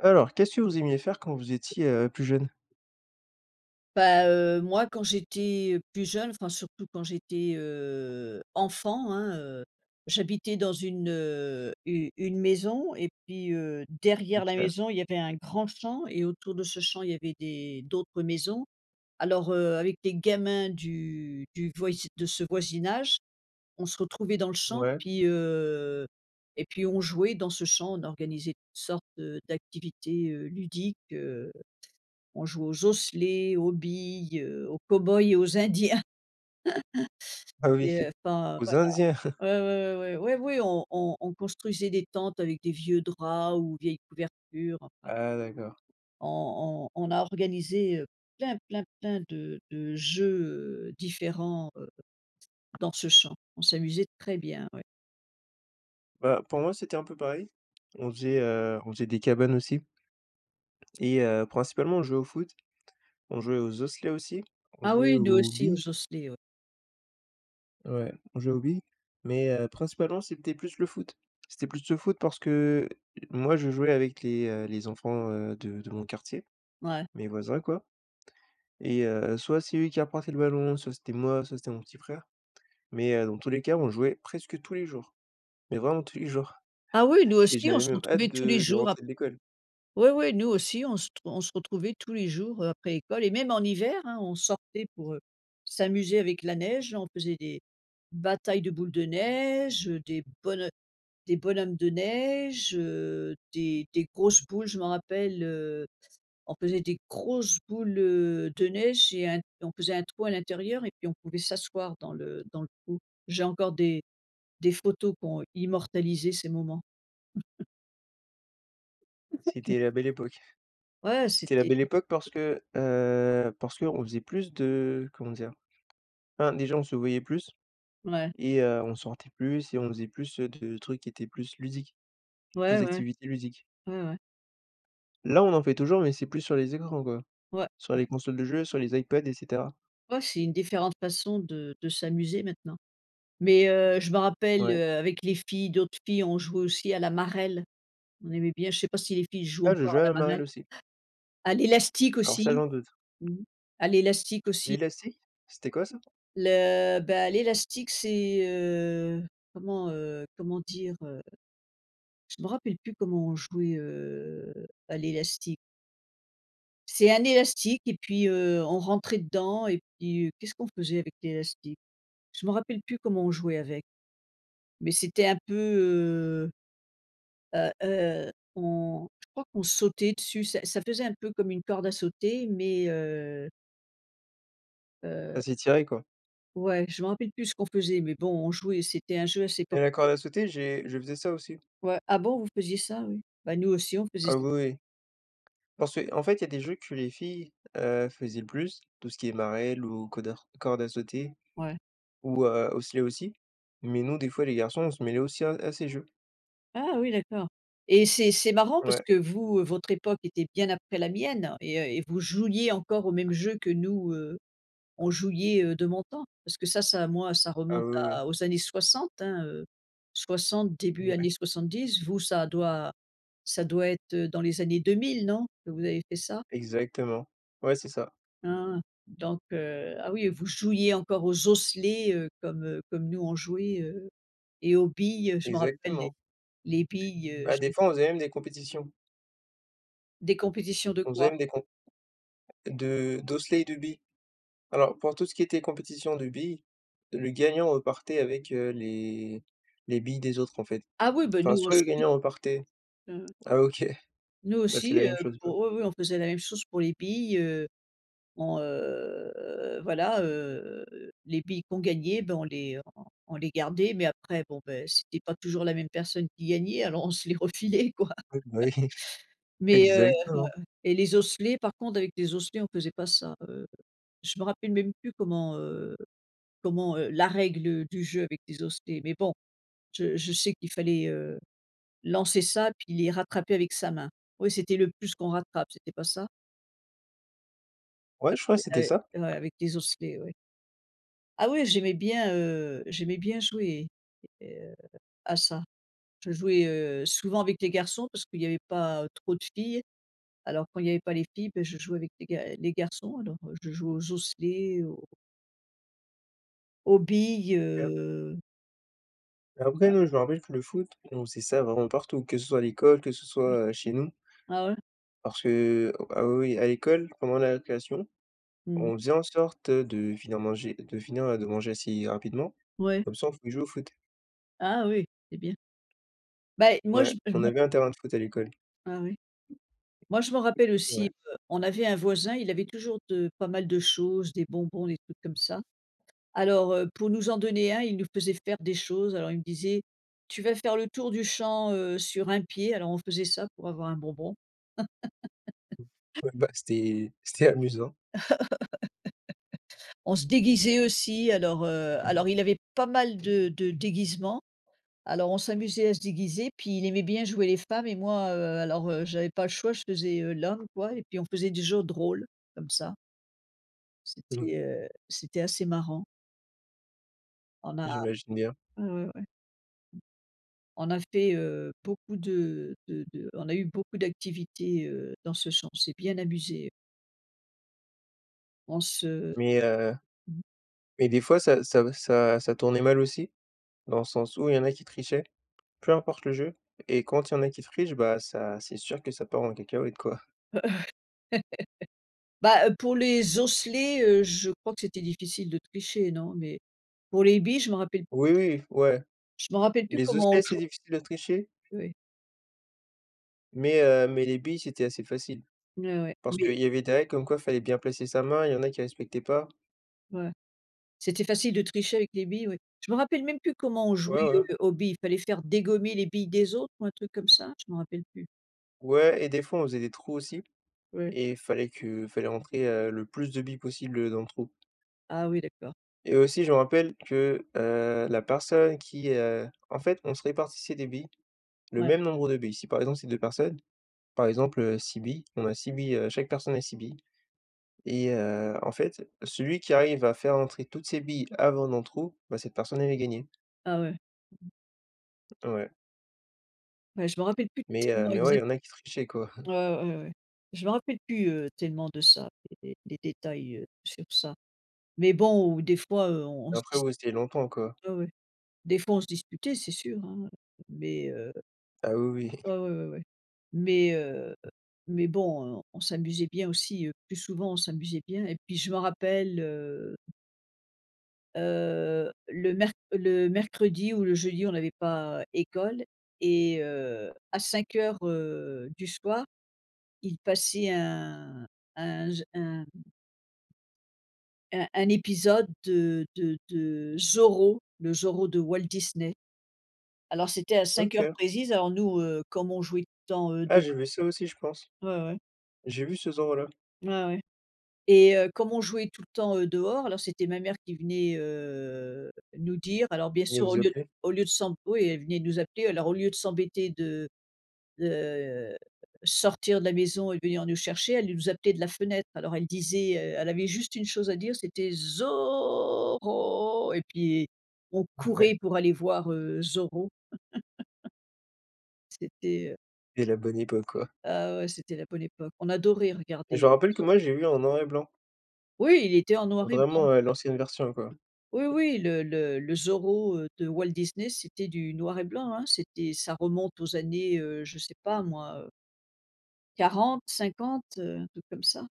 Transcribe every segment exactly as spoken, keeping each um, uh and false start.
Alors qu'est-ce que vous aimiez faire quand vous étiez, heu, plus jeune? Bah, heu, moi, quand j'étais plus jeune, enfin, surtout quand j'étais, heu, enfant, hein, heu, j'habitais dans une, u une maison et puis, heu, derrière la OK. maison, il y avait un grand champ et autour de ce champ, il y avait des d'autres maisons. Alors, heu, avec des gamins du du voisi de ce voisinage, on se retrouvait dans le champ Ouais. puis, heu, et puis, on jouait dans ce champ, on organisait sortes de d'activités, heu, ludiques, heu, on jouait aux osselets, aux billes, heu, aux cow-boys et aux Indiens. Ah Et oui! heu enfin, Aux Indiens? voilà, ouais, ouais, ouais, ouais, ouais, oui, on on on construisait des tentes avec des vieux draps ou vieilles couvertures, enfin Ah d'accord! on on on a organisé, heu, plein, plein, plein de de jeux, heu, différents, heu, dans ce champ. On s'amusait très bien, ouais. Bah, pour moi, c'était un peu pareil, on faisait, heu, on faisait des cabanes, aussi. Et heu, principalement, on jouait au foot, on jouait aux osselets aussi, on Ah jouait oui, nous aux aussi, billes. aux osselets, ouais. Ouais, on jouait aux billes, mais, heu, principalement, c'était plus le foot, c'était plus le foot parce que moi, je jouais avec les, heu, les enfants, heu, de de mon quartier, Mouais. mes voisins, quoi et heu, soit c'est eux qui apportaient le ballon, soit c'était moi, soit c'était mon petit frère, mais heu, dans tous les cas, on jouait presque tous les jours, mais vraiment tous les jours Ah oui, nous et aussi, on j'avais se même hâte retrouvait tous les de de jours ap rentrer de l'école. oui, oui, nous aussi, on se t on se retrouvait tous les jours, heu, après l'école et même en hiver, hein, on sortait pour, heu, s'amuser avec la neige, on faisait des batailles de boules de neige, heu, des bonho des bonhommes de neige, heu, des des grosses boules, je m'en rappelle, heu, on faisait des grosses boules, heu, de neige et un on faisait un trou à l'intérieur et puis on pouvait s'asseoir dans le dans le trou. J'ai encore des des photos qui ont immortalisé ces moments. [unintelligible] C'était la belle époque. Ouais C'était la c'était belle époque parce que, heu, parce qu'on faisait plus de comment dire? Enfin déjà on se voyait plus Ouais. et heu, on sortait plus et on faisait plus, heu, de trucs qui étaient plus ludiques, plus Ouais, ouais. d'activités ludiques. Ouais, ouais. Là on en fait toujours mais c'est plus sur les écrans quoi, Ouais, sur ouais. les consoles de jeux, sur les Ipad et cetera. Ouais, c'est une différente façon de de s'amuser maintenant. Mais heu, je me rappelle, Ouais. heu, avec les filles d'autres filles ont jouait aussi à la marelle. On aimait bien, je sais pas si les filles jouent Ah, je encore jouais à à la la marelle? marelle aussi. À l'élastique Alors, ça aussi, j'en doute. mmh, à l'élastique aussi. L'élastique, c'était quoi ça? Le bah l'élastique c'est, heu, comment, heu, comment dire, heu? Je m'en rappelle plus comment on jouait, heu, à l'élastique. C'est un élastique et puis, heu, on rentrait dedans et puis qu'est-ce qu'on faisait avec l'élastique? Je m'en rappelle plus comment on jouait avec, mais c'était un peu, heu heu heu, on je crois qu'on sautait dessus ça ça faisait un peu comme une corde à sauter, mais heu heu Ça s'étirait quoi. Ouais je m'en rappelle plus ce qu'on faisait, mais bon on jouait c'était un jeu assez Mais la corde à populaire. sauter, j'ai je faisais ça aussi. Ouais, ah bon vous faisiez ça, oui? Bah, nous aussi on faisait Ah ça. oui, oui. Parce qu'en fait il y a des jeux que les filles, heu, faisaient le plus. Tout ce qui est marelle ou codar corde à sauter Ouais. ou, heu, osselets aussi. Mais nous des fois les garçons on se mêlait aussi à à ces jeux. Ah oui d'accord et c'est c'est marrant parce Ouais. que vous, heu, votre époque était bien après la mienne et heu, et vous jouiez encore aux mêmes jeux que nous, heu, on jouiez, heu, de mon temps. Parce que ça ça moi ça Ah remonte oui, oui, oui. à aux années soixante, hein, heu, soixante début Ouais. soixante-dix, vous ça doit ça doit être, heu, dans les années 2000 non, que vous avez fait ça? Exactement, ouais c'est ça. Ah, donc heu ah oui vous jouiez encore aux osselets, heu, comme, heu, comme nous on jouait, heu et aux billes je m'en rappelle les Exactement. les billes, heu, Bah j des fois on faisait même des compétitions. Des compétitions de On faisait quoi? même des comp de d'osselets et de billes. Alors pour tout ce qui était compétition de billes, le gagnant repartait avec, heu, les les billes des autres en fait. Ah oui, bah, Enfin nous soit le aussi. gagnant repartait Ouais, ouais. ah ok, Nous ben c'est aussi, la heu, même chose quoi. pour oui, oui on faisait la même chose pour les billes, heu, on, heu voilà, heu, les billes qu'on gagnait, bah on les on on les gardait mais après bon, beh, c'était pas toujours la même personne qui gagnait. Alors on se les refilait quoi. Oui bah oui, mais heu heu exactement. et les osselets par contre avec des osselets on faisait pas ça. Heu, je me rappelle même plus comment, heu, comment, heu la règle du jeu avec des osselets mais bon je je sais qu'il fallait, heu, lancer ça puis les rattraper avec sa main ouais c'était le plus qu'on rattrape c'était pas ça? Ouais, je Avec crois des c'était ah ça. et ouais, avec des osselets, ouais. Ah oui, j'aimais bien, heu, j'aimais bien jouer et heu, à ça. Je jouais, heu, souvent avec les garçons parce qu'il y avait pas trop de filles, alors quand il y avait pas les filles, bah, je jouais avec les ga les garçons alors, heu, je jouais aux osselets, aux aux billes, OK. heu Et après Ouais. nous, je me rappelle que le foot et on faisait ça vraiment partout, que ce soit à l'école, que ce soit, heu, chez nous Ah ouais? parce que ah, oui, oui à l'école, pendant la récréation, Mmh. on faisait en sorte de finir manger de finir de manger assez rapidement, Ouais. comme ça, on pouvait jouer au foot. Ah oui, c'est bien. Bah et moi, je Ouais, on [unintelligible] avait un terrain de foot à l'école. Ah oui? Moi je m'en rappelle aussi, Ouais. heu, on avait un voisin, il avait toujours de pas mal de choses, des bonbons, des trucs comme ça alors, heu, pour nous en donner un il nous faisait faire des choses alors, il me disait: «Tu vas faire le tour du champ, heu, sur un pied», alors, on faisait ça pour avoir un bonbon. Ouais, bah, c'était c'était amusant. On se déguisait aussi alors, heu, alors, il avait pas mal de de déguisements alors, on s'amusait à se déguiser puis, il aimait bien jouer les femmes et moi, heu, alors, heu, j'avais pas le choix, je faisais, heu, l'homme, quoi, et puis on faisait des jeux de rôles, comme ça. Mouais. C'était, heu, c'était assez marrant. On a J'imagine bien. ouais, ouais. On a fait, heu, beaucoup de de de on a eu beaucoup d'activités, heu, dans ce champ. On s'est bien amusés on se Mais, heu, mmh. mais des fois, ça ça ça ça tournait mal aussi, dans le sens où il y en a qui trichaient, peu importe le jeu et quand il y en a qui trichent, bah, ça c'est sûr que ça part en cacahuète, quoi. Bah, heu, pour les osselets, heu, je crois que c'était difficile de tricher, non? Mais, pour les billes, je m'en rappelle. Oui, oui, ouais, Je m'en rappelle plus les comment on osselets, joue c'est difficile de tricher oui. mais, heu, mais, les billes, c'était assez facile Mouais, ouais. parce Mais qu'il y avait des règles comme quoi fallait bien placer sa main et il y en a qui respectaient pas. Ouais. C'était facile de tricher avec les billes, oui? Je m'en rappelle même plus comment on jouait, Ouais, ouais. heu, aux billes. Fallait faire dégommer les billes des autres ou un truc comme ça? Je m'en rappelle plus. Ouais et des fois, on faisait des trous aussi Oui. et il fallait que fallait rentrer, heu, le plus de billes possibles, heu, dans le trou. Ah, oui, d'accord. Et aussi je me rappelle que, heu, la personne qui, heu en fait, on se répartissait des billes, le Ouais. même nombre de billes. Si, par exemple, c'est deux personnes, par exemple, heu, six billes, on a six billes, heu chaque personne a six billes et heu, en fait, celui qui arrive à faire rentrer toutes ses billes avant dans le trou, bah, cette personne, elle a gagné. Ah ouais. Mmh. Ouais. Bah, je m'en rappelle plus Mais heu tellement, mais ouais, exa il y en a qui trichaient, quoi. Ouais, ouais, ouais. Je me rappelle plus, heu, tellement de ça, d des des détails, heu, sur ça mais bon, où, des fois, heu, on on se Après dis vous, c'était il y a longtemps, quoi. Ouais, ouais, des fois, on se disputait c'est sûr, hein, mais heu Ah, oui, oui. Ah, ouais, ouais, ouais mais, heu, mais bon, heu, on s'amusait bien aussi, heu, plus souvent on s'amusait bien et puis je m'en rappelle, heu heu, le mer le mercredi ou le jeudi, on n'avait pas école et heu, à cinq heures, heu, du soir, il passait un un j un un un épisode de de de Zorro, le Zorro de Walt Disney. Alors c'était à cinq heures OK. précises alors nous, heu, comme on jouait tant, heu, Ah, de j'ai vu ça aussi je pense. Ouais, ouais. J'ai vu ce Zorro là. Ouais, ouais et heu, comme on jouait tout le temps, heu, dehors alors, c'était ma mère qui venait, heu, nous dire alors, bien Mais sûr, au vous lieu appelez? au lieu de s'emb oui, elle venait nous appeler alors au lieu de s'embêter de de, heu, sortir de la maison et de venir nous chercher, elle nous appelait de la fenêtre. Alors elle disait, heu, elle avait juste une chose à dire, c'était: «Zorro!» Et puis on Ouais. courait pour aller voir, heu, Zorro! C'était, heu C'est la bonne époque, quoi. Ah ouais, c'était la bonne époque! On adorait Je regarder me rappelle que [unintelligible] moi, je l'ai vu en noir et blanc. Oui, il était en noir et blanc, Vraiment, heu, heu l'ancienne version, quoi. Oui, oui, le le le Zorro, heu, de Walt Disney, c'était du noir et blanc, hein, c'était ça remonte aux années, heu, je sais pas moi, heu quarante-cinquante, heu, un truc comme ça.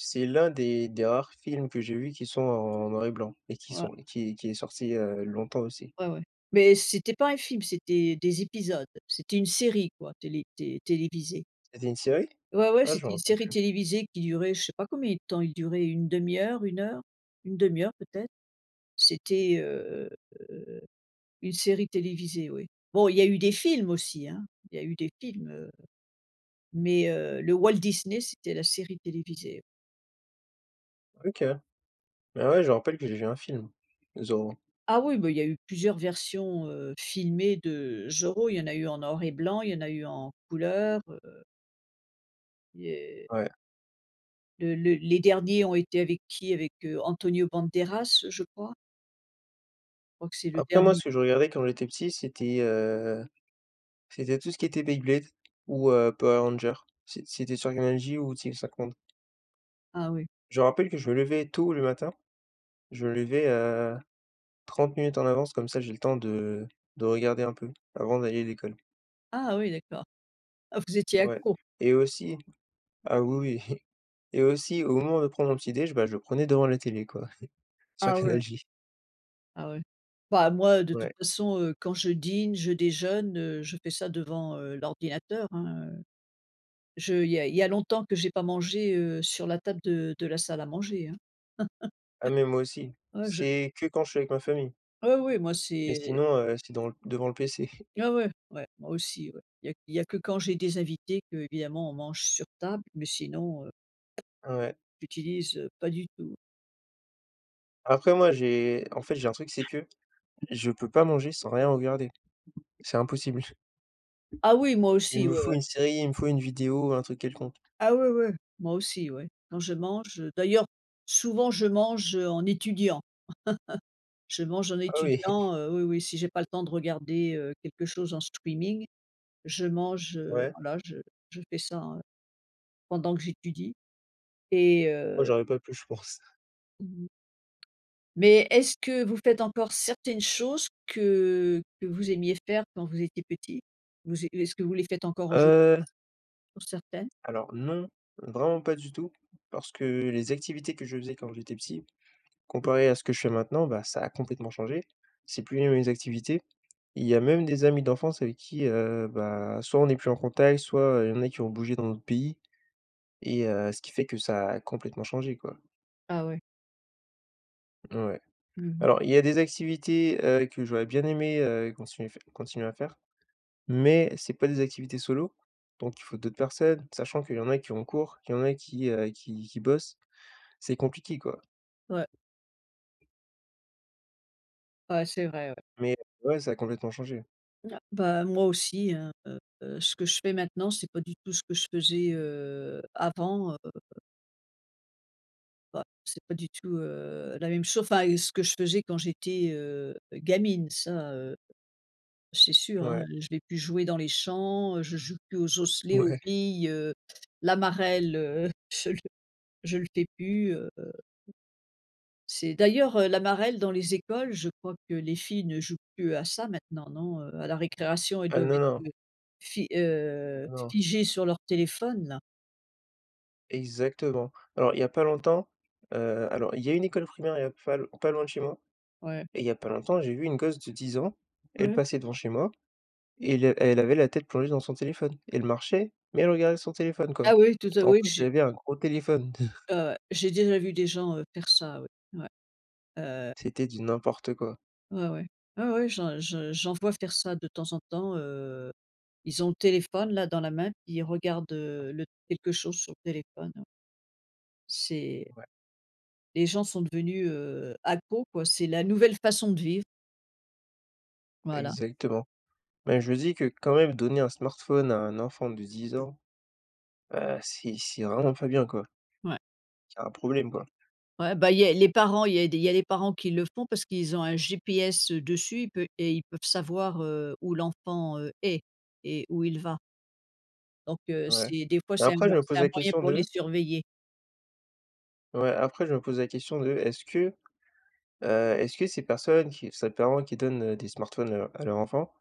C'est l'un des des rares films que j'ai vus qui sont en noir et blanc et qui Ouais. sont et qui qui est sorti il y a longtemps, aussi. Ouais, ouais, mais c'était pas un film, c'était des épisodes, c'était une série, quoi, télé té télévisée. C'était une série? Ouais, ouais. Ah, C'était une j'aurais pas série cru. télévisée qui durait je sais pas combien de temps, il durait une demi heure, une heure, une demi heure peut-être, c'était, heu heu, une série télévisée, oui. Bon, il y a eu des films aussi, hein, il y a eu des films, heu, mais heu, le Walt Disney, c'était la série télévisée. OK. Mais ouais, je me rappelle que j'ai vu un film, Zorro. Ah oui, bah, il y a eu plusieurs versions, heu, filmées de Zorro. Il y en a eu en noir et blanc, il y en a eu en couleurs, heu il y heu Ouais. Le le les derniers ont été avec qui? Avec, heu, Antonio Banderas, je crois. Je crois que c'est le Après moi, dernier. ce que je regardais quand j'étais petit, c'était, heu, c'était tout ce qui était Beyblade ou heu, Power Rangers, c'est c'était sur Canal J ou TV5 monde. Ah oui. Je me rappelle que je me levais tôt le matin. Je me levais, heu, trente minutes en avance, comme ça, j'ai le temps de de regarder un peu avant d'aller à l'école. Ah oui, d'accord. Ah, vous étiez Ouais accro. et aussi ah, oui, oui, et aussi, au moment de prendre mon petit déj, bah, je le prenais devant la télé, quoi, sur Ah ouais. Canal J. Ah ouais. Bah moi de toute Ouais. façon, heu, quand je dîne, je déjeune, heu, je fais ça devant, heu, l'ordinateur, hein, heu. Je il y a il y a longtemps que j'ai pas mangé, heu, sur la table de de la salle à manger, hein. Ah mais moi aussi. Oh je C'est que quand je suis avec ma famille. Heu, oui, moi Mais c'est sinon, heu, c'est dans devant le PC. Ouais, ouais, ouais, moi aussi, ouais, il y a il y a que quand j'ai des invités qu'évidemment, on mange sur table mais sinon, heu, Ouais. j'utilise, heu, pas du tout. Après, moi, j'ai en fait, j'ai un truc, c'est que je peux pas manger sans rien regarder, c'est impossible. Ah oui, moi Il aussi, me ouais, faut ouais. une série, il me faut une vidéo, un truc quelconque. Ah ouais, ouais, moi aussi, ouais. Quand je mange, heu, d'ailleurs souvent je mange, heu, en étudiant. Je mange en Oh oui! étudiant, heu, oui, oui, si j'ai pas le temps de regarder, heu, quelque chose en streaming. Je mange, heu, Ouais. voilà, je je fais ça, heu, pendant que j'étudie et Moi, heu j'aurais pas pu, je pense. Mmh mh. Mais, est ce que vous faites encore certaines choses que que vous aimiez faire quand vous étiez petit? Vous é est-ce que vous les faites encore aujour Heu. pour certaines? Alors non, vraiment pas du tout parce que les activités que je faisais quand j'étais petit, comparé à ce que je fais maintenant, bah, ça a complètement changé. C'est plus les mêmes activités. Il y a même des amis d'enfance avec qui, heu, bah, soit on n'est plus en contact, soit, heu, il y en a qui ont bougé dans un autre pays. Et heu, ce qui fait que ça a complètement changé, quoi. Ah ouais. Ouais, Mmh mh. alors, il y a des activités, heu, que j'aurais bien aimé, heu, continuer f continuer à faire mais c'est pas des activités solo. Donc il faut d'autres personnes, sachant qu'il y en a qui ont cours, qu'il y en a qui, heu, qui qui bossent, c'est compliqué, quoi. Ouais. Ouais, c'est vrai, ouais. Mais ouais, ça a complètement changé. N ah, bah, moi aussi, hein, heu, ce que je fais maintenant, c'est pas du tout ce que je faisais, heu, avant, heu Bah, c'est pas du tout, heu, la même chose enfin et ce que je faisais quand j'étais, heu, gamine, ça, heu, c'est sûr, hein. Ouais. Je vais plus jouer dans les champs, heu, je joue plus aux osselets, aux Ouais. billes, heu, la marelle, heu, je le je le fais plus, heu. C'est d'ailleurs, heu, la marelle dans les écoles, je crois que les filles ne jouent plus à ça maintenant, non? Heu, à la récréation, elles Ah, doivent non, non. être, heu, fi heu, Ah non. figer sur leur téléphone, là. Exactement. Alors, il y a pas longtemps, heu, alors il y a une école primaire, il y a p fa l pas loin de chez moi. Ouais. Et il y a pas longtemps, j'ai vu une gosse de dix ans, elle Ouais. passait devant chez moi et le et elle avait la tête plongée dans son téléphone. Elle marchait, mais elle regardait son téléphone, quoi. Ah oui, tout à Et en oui. plus, J elle avait un gros téléphone. Ouais, ouais, j'ai déjà vu des gens, heu, faire ça, oui. Ouais, heu. C'était du n'importe quoi. Ouais, ouais. Ouais, ouais, j'en je j'en vois faire ça de temps en temps, heu, ils ont le téléphone là dans la main, puis, ils regardent, heu, le quelque chose sur le téléphone. C'est Ouais. Les gens sont devenus, heu, accros, quoi, c'est la nouvelle façon de vivre. Voilà. Exactement. Bah, je me dis que, quand même, donner un smartphone à un enfant de dix ans, heu, c'est c'est vraiment pas bien, quoi, Ouais. c'est un problème, quoi. Ouais, bah, il y a les parents, il y a des il y a les parents qui le font parce qu'ils ont un GPS, heu, dessus ils pe et ils peuvent savoir, heu, où l'enfant, heu, est, et où il va. Donc, heu, Ouais, c'est des fois, mais c'est un après je moy me pose c'est un la moyen question pour les de surveiller. Ouais, après je me pose la question de est-ce que, heu, est-ce que ces personnes qui ces parents qui donnent, heu, des smartphones, heu, à leur enfant,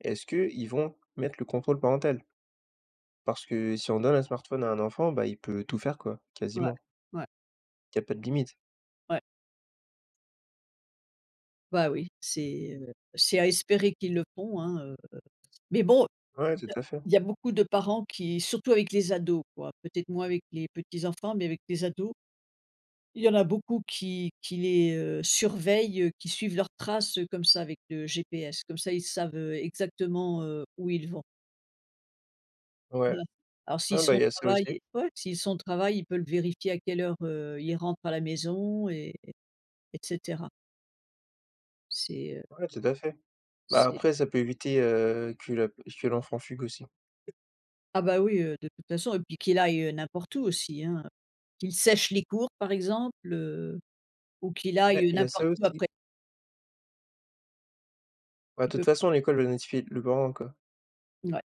est-ce qu'ils vont mettre le contrôle parental? Parce que si on donne un smartphone à un enfant, bah, il peut tout faire quoi, Ouais. quasiment. Ouais. Qui a pas de limites. Ouais. Bah, oui, c'est, heu, c'est à espérer qu'ils le font, hein, heu, mais bon, Ouais, il tout y a à fait. il y a beaucoup de parents qui surtout avec les ados, quoi, peut-être moins avec les petits enfants mais avec les ados il y en a beaucoup qui qui les, heu, surveillent, qui suivent leurs traces, heu, comme ça, avec le GPS, comme ça ils savent, heu, exactement, heu, où ils vont. Ouais. Ouais, alors, s'ils Ouais bah, sont au il y a ça travail aussi. ouais, s'ils sont au travail, il peut le vérifier à quelle heure, heu, il rentre à la maison et et cetera. C'est heu Ouais, tout à fait. Bah, c'est après ça peut éviter, heu, que la p que l'enfant fugue, aussi. Ah bah oui, heu, de toute façon et puis qu'il aille, heu, n'importe où aussi, hein, qu'il sèche les cours, par exemple, heu, ou qu'il aille, Ouais, heu, il y a ça, n'importe où aussi. après Bah, Il toute peut façon, l'école le notifie le parent, quoi. Mouais.